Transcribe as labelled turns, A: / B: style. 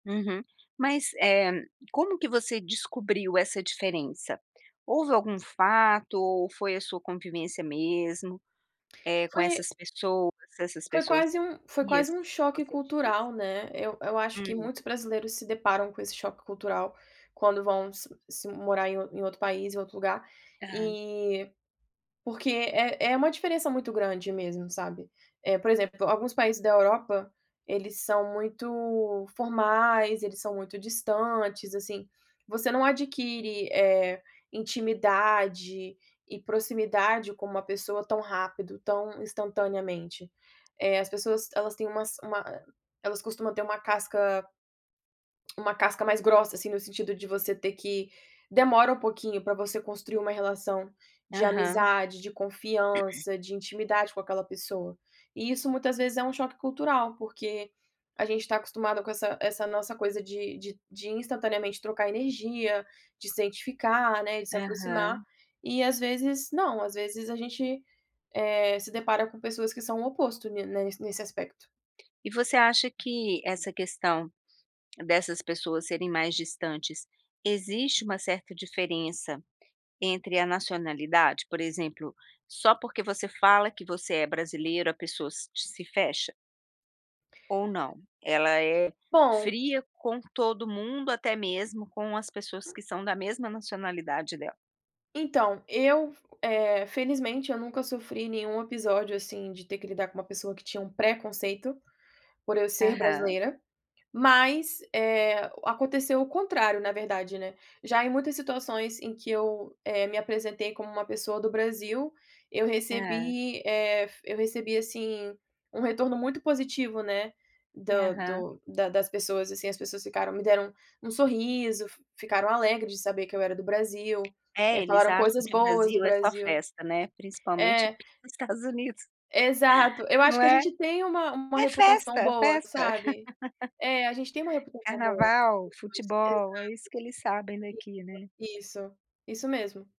A: Uhum, mas, eh, como que você descobriu essa diferença? Houve algum fato ou foi a sua convivência mesmo, eh, com
B: Foi
A: essas pessoas, essas
B: foi
A: pessoas
B: quase um foi
A: frias,
B: quase um choque
A: você diz?
B: cultural, né, eu eu acho que
A: Hum.
B: muitos brasileiros se deparam com esse choque cultural quando vão se se morar em em outro país, em outro lugar,
A: Ah.
B: eh, porque é é uma diferença muito grande mesmo, sabe. Eh, por exemplo, alguns países da Europa, eles são muito formais, eles são muito distantes, assim, você não adquire, eh, intimidade e proximidade com uma pessoa tão rápido, tão instantaneamente. Eh, as pessoas elas têm umas uma ah, elas costuma ter uma casca uma casca mais grossa, assim, no sentido de você ter que demora um pouquinho pra você construir uma relação de
A: Aham.
B: amizade, de confiança, de intimidade com aquela pessoa. E isso muitas vezes é um choque cultural porque, a gente está acostumado com essa essa nossa coisa de de de instantaneamente trocar energia, de se identificar, né, de se aproximar,
A: Aham.
B: e às vezes, não, às vezes a gente, eh, se depara com pessoas que são o oposto ni ne nesse aspecto.
A: E você acha que, essa questão, dessas pessoas serem mais distantes, existe um certa diferença entre a nacionalidade, por exemplo, só porque você fala que você é brasileira a pessoa se te se fecha? Ou não? Ela é
B: Bom
A: fria com todo mundo, até mesmo com as pessoas que são da mesma nacionalidade dela.
B: Então, eu f eh, felizmente eu nunca sofri nenhum episódio, assim, de ter que lidar com uma pessoa que tinha uma pré conceito, por eu ser
A: Aham.
B: brasileira, mas, eh, o aconteceu o contrário, na verdade, né. Já em muitas situações em que eu, eh, me apresentei como uma pessoa do Brasil, eu
A: Ah.
B: recebi, eh, f eu recebi, assim, um retorno muito positivo né, do
A: Aham.
B: do da das pessoas, assim, as pessoas ficaram me deram um sorriso, fi ficaram alegres de saber que eu era do Brasil,
A: É,
B: eh,
A: eles
B: falaram
A: acham
B: coisas
A: que o
B: boas do
A: Brasil é só
B: Brasil
A: festa, né, principalmente
B: é
A: aqui nos Estados Unidos.
B: Exato, eu acho
A: Não
B: que a
A: é?
B: gente tem uma uma
A: É
B: reputação
A: festa,
B: boa,
A: festa.
B: sabe. É, a gente tem uma reputacao boa.
A: Carnaval,
B: [unintelligible] Exato.
A: futebol, é isso que eles sabem
B: Isso,
A: daqui, né.
B: isso. Isso mesmo.